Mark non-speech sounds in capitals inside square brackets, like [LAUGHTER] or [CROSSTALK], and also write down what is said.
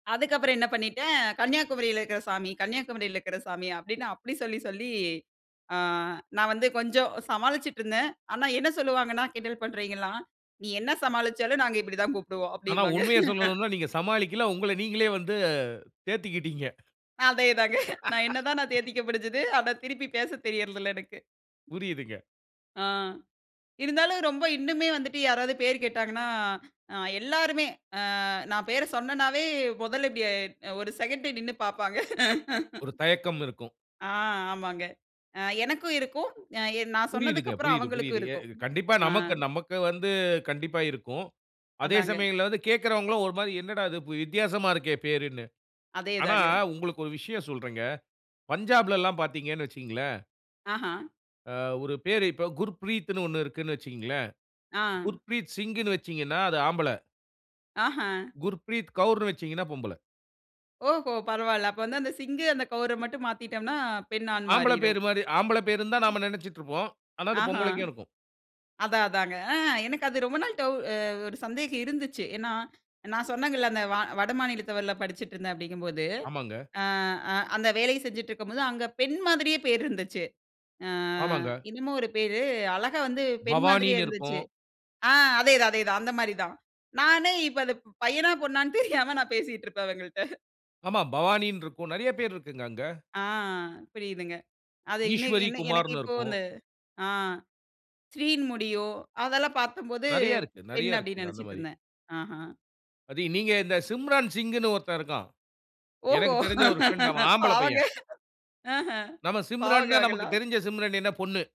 அதுக்கப்புறம் என்ன பண்ணிட்டேன், கன்னியாகுமரில இருக்கிற சாமி, கன்னியாகுமரில இருக்கிற சாமி அப்டின்னு அப்டி சொல்லி சொல்லி அ. நான் வந்து கொஞ்சம் சமாளிச்சிட்டு இருந்தேன். ஆனா என்ன சொல்லுவாங்கன்னா, கிண்டல் பண்றவிங்கலாம், நீ என்ன சமாளிச்சாலும் நாங்க இப்டித்தான் கூப்பிடுவோம் ஆனா, அப்டின்னுபாங்க. உண்மைய [LAUGHS] சொல்லனும்னா நீங்க சமாளிக்கல, உங்கள நீங்களே வந்து தேத்திக்கிட்டிங்க. அதேதாங்க. [CHUCKLES] நான் என்னதான் நான் [LAUGHS] தேத்திக்க முடிஞ்சது, ஆனா, திருப்பி பேச தெரியறதில்ல எனக்கு. புரியுதுங்க. ஆ, இருந்தாலும் ரொம்ப இன்னுமே வந்துட்டு யாராவது பேரு கேட்டாங்கன்னா, ஆ எல்லாருமே அ. நான் பேர சொன்னேன்னாவே மொதல்ல இப்டி ஒரு செகண்ட் நின்னு பாப்பாங்க. ஒரு [LAUGHS] தயக்கம் இருக்கும். ஆ, ஆமாங்க. எனக்கும் இருக்கும். அ, நான் சொன்னதுக்கு புரியுதுங்க. அப்புறம் புரியுது. அவுங்களுக்கும் புரியுது, இருக்கும். இது கண்டிப்பா, அ. நமக்கு நமக்கு வந்து கண்டிப்பா இருக்கும். அதே அதாங்க. சமயங்கள வந்து கேக்குறவங்களும் ஒரு மாரி என்னடா இது வித்தியாசமா இருக்கே பேருன்னு. அதே ஆனா, தாங்க. உங்களுக்கு ஒரு விஷயம் சொல்றேங்க, பஞ்சாப்ல எல்லாம் பார்த்தீங்கன்னு வச்சுக்கங்களேன். ஆஹ. அ ஒரு பேரு, இப்ப குர்ப்ரீத்ன்னு ஒண்ணு இருக்குன்னு வச்சுக்கங்களேன், ஆ. குர்ப்ரீத் சிங்னு வச்சீங்கன்னா அது ஆம்பள. ஆஹ. குர்ப்ரீத் கவுருன்னு வச்சீங்கன்னா பொம்பள. ஓஹோ! பரவால்ல. அப்ப வந்து அந்த சிங்கு, அந்த கவுர மட்டும் மாத்திட்டோம்ன்னா பெண் ஆண் ஆம்பள மாறிரும். பேரு மாரி ஆம்பள பேருதான்னு ம். நம்ம நெனச்சுட்டு இருப்போம். ஆனா அது ஆஹ. பொம்பளைக்கும் இருக்கும். அதான் அதாங்க. எனக்கு அது ரொம்ப நாள் டவு ஒரு சந்தேகம் இருந்துச்சி. ஏன்னா, நான் சொன்னேன்ங்கல்ல அந்த, வ வட மாநிலத்தவர்ல படிச்சிட்டு இருந்தேன் அப்டிங்கும்போது, ஆமாங்க. அ, அந்த வேலைய செஞ்சிட்டு இருக்கும் போது அங்க பெண் மாதிரியே பேரு இருந்துச்சி. அ, ஆமாங்க. என்னமோ ஒரு பேரு, அழகா வந்து பெண் மாதிரியே பவானின்னு இருந்துச்சு. இருக்கும். ஆ, அதேதான், அதேதான். அந்த மாரிதான். நானே இப்ப இது பயனா, பொண்ணான்டு தெரியாம நான் பேசிட்டு இருப்பேன் அவங்கள்ட்ட. ஆமா, பவானின்னு இருக்கும். நெறைய பேரு இருக்குங்க அங்க. ஆ, புரியுதுங்க. அது இன்ன, ஈஸ்வரி என்ன எனக்கு குமார்ன்னு இப்போ இருக்கும். அந்த ஆ, ஸ்ரீன்னு முடியும், அதெல்லாம் பாத்தம்போது நெறைய இருக்கு, பெண் நெறைய அப்டின்னு இருக்குங்க அந்த மாரி. நெனைச்சிட்ருந்தேன். ஆஹ. அதயும் நீங்க இந்த சிம்ரான் சிங்ன்னு ஒருத்தன் இருக்கான். ஓஹோ, எனக்கு தெரிஞ்ச ஒரு ஃப்ரெண்ட் அவன் [LAUGHS] ஆம்பள பாவங்க, பையன். ஆஹ, நம்ம பாவங்க சிம்ரன்னா நமக்கு அவங்கலாம். தெரிஞ்ச சிம்ரன் என்ன, பொண்ணு.